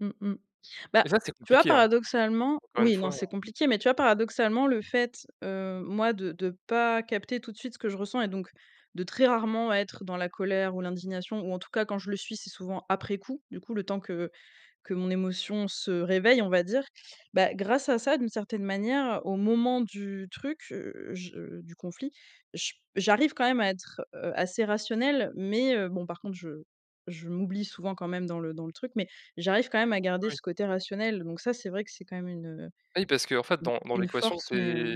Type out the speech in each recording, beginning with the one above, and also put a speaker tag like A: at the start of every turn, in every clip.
A: Mmh mh, bah,
B: Et ça, c'est
A: tu vois,
B: compliqué, hein?
A: paradoxalement
B: Encore une
A: oui, non,
B: fois, heu
A: c'est compliqué mais tu vois, paradoxalement, le fait, heu, moi, de de pas capter tout de suite ce que je ressens et donc de très rarement être dans la colère ou l'indignation ou en tout cas quand je le suis c'est souvent après coup, du coup, le temps que que mon émotion se réveille, on va dire, bah, grâce à ça, d'une certaine manière, au moment du truc, heu, je du conflit, je j'arrive quand même à être, heu, assez rationnelle mais heu, bon, par contre, je je m'oublie souvent quand même dans le dans le truc mais j'arrive quand même à garder
B: Oui.
A: ce côté rationnel, donc ça, c'est vrai que c'est quand même une
B: Oui, parce qu'en fait,
A: u
B: dans dans
A: une
B: l'équation,
A: force,
B: tu
A: mais heu
B: es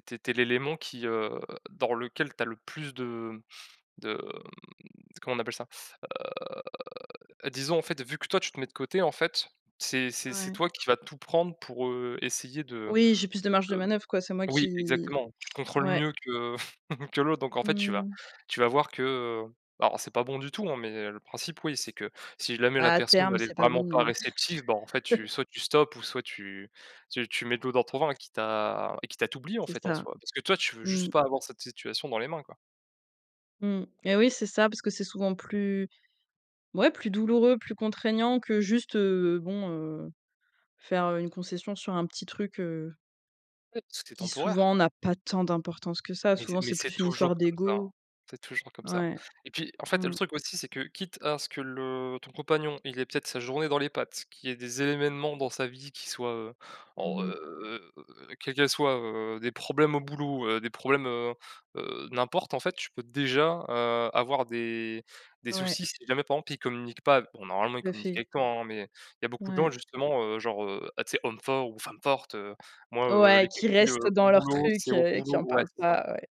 B: tu es tu es l'élément qui, heu, dans lequel tu as le plus de de comment on appelle ça, heu, disons, en fait, vu que, toi, tu te mets de côté, en fait, c'est c'est c'est
A: Ouais.
B: toi qui va tout prendre pour, heu, essayer de
A: Oui, j'ai plus de marge de
B: de
A: manœuvre, quoi, c'est moi
B: oui,
A: qui
B: exactement, tu te contrôles
A: ouais.
B: mieux que que l'autre, donc en
A: Mmh
B: fait, tu
A: mmh
B: vas
A: mh.
B: tu vas voir que, heu, alors c'est pas bon du tout, hein, mais le principe, oui, c'est que si jamais la
A: Bah, à
B: personne
A: terme,
B: elle est
A: c'est pas
B: vraiment
A: bon,
B: pas
A: non.
B: réceptive, bah, en fait, tu soit tu stoppes ou soit tu tu mets de l'eau dans ton vin, quitte à quitte à t'oublier, en
A: C'est
B: fait, en
A: ça.
B: soi, parce que, toi, tu veux
A: Mmh
B: juste
A: mh.
B: pas avoir cette situation dans les mains, quoi.
A: Mmh mh, eh oui, c'est ça parce que c'est souvent plus ouais, plus douloureux, plus contraignant que juste, heu, bon, heu, faire, heu, une concession sur un petit truc, heu
B: Oui, tout est
A: qui souvent
B: temporaire
A: n'a pas tant d'importance que ça,
B: mais c
A: souvent
B: mais
A: c'est
B: c'est
A: plus une histoire
B: toujours comme ça
A: d'ego.
B: c'est toujours comme ça
A: Ouais.
B: et puis, en fait, le
A: Mmh.
B: truc aussi, c'est que quitte à ce que le ton compagnon, il ait peut-être sa journée dans les pattes, qu'il y ait des événements dans sa vie qui soient, heu,
A: Mmh
B: oh,
A: mh.
B: heu, quels qu'elles soient, heu, des problèmes au boulot, heu, des problèmes, heu heu, n'importe, en fait, tu peux déjà, heu, avoir des des
A: Ouais.
B: soucis si jamais, par exemple, il communique pas, bon, normalement, il
A: Tout à
B: communique
A: fait.
B: avec toi, hein mais il y beaucoup de gens
A: Ouais.
B: justement, heu, genre, heu, ah, tu sais, homme fort ou femme forte, heu, moi, heu,
A: Ouais,
B: les
A: qui restent
B: [unintelligible] au
A: dans leurs
B: boulot,
A: trucs,
B: c'est au
A: heu, qui
B: boulot
A: en
B: ouais,
A: parlent
B: c'est ça
A: pas, ouais.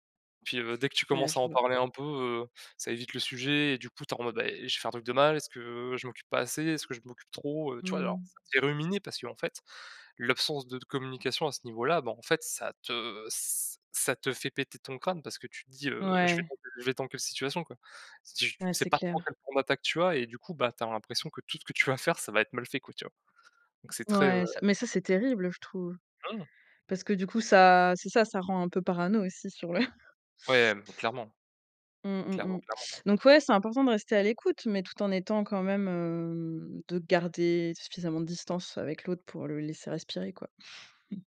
B: puis, heu, dès que tu
A: Ouais,
B: commences
A: je
B: à en
A: vois.
B: parler un peu, heu, ça évite le sujet et du coup, tu es en mode, beh, «J'ai fait un truc de mal? Est-ce que je m'occupe pas assez? Est-ce que je m'occupe trop?» Heu, tu vois,
A: Mmh
B: genre,
A: mh.
B: ça te fait ruminer parce qu'en fait l'absence de communication à ce niveau-là, bah, en fait, ça te ç ça te fait péter ton crâne parce que tu te dis, heu, je vais
A: Ouais.
B: dans quelle je vais dans quelle situation, quoi, si j
A: Ouais,
B: c'est
A: c'est
B: pas tant
A: clair.
B: quel [unintelligible] tu as et du coup, bah, tu as l'impression que tout ce que tu vas faire, ça va être mal fait, quoi, tu vois? Donc, c'est très heu
A: Ouais, ça mais ça c'est terrible, je trouve,
B: Mmh.
A: parce que du coup, ça c'est ça, ça rend un peu parano aussi sur le
B: Ouais, clairement,
A: Mmh mmh
B: clairement,
A: mh,
B: clairement.
A: donc ouais, c'est important de rester à l'écoute mais tout en étant quand même, hem, de garder suffisamment de distance avec l'autre pour le laisser respirer, quoi.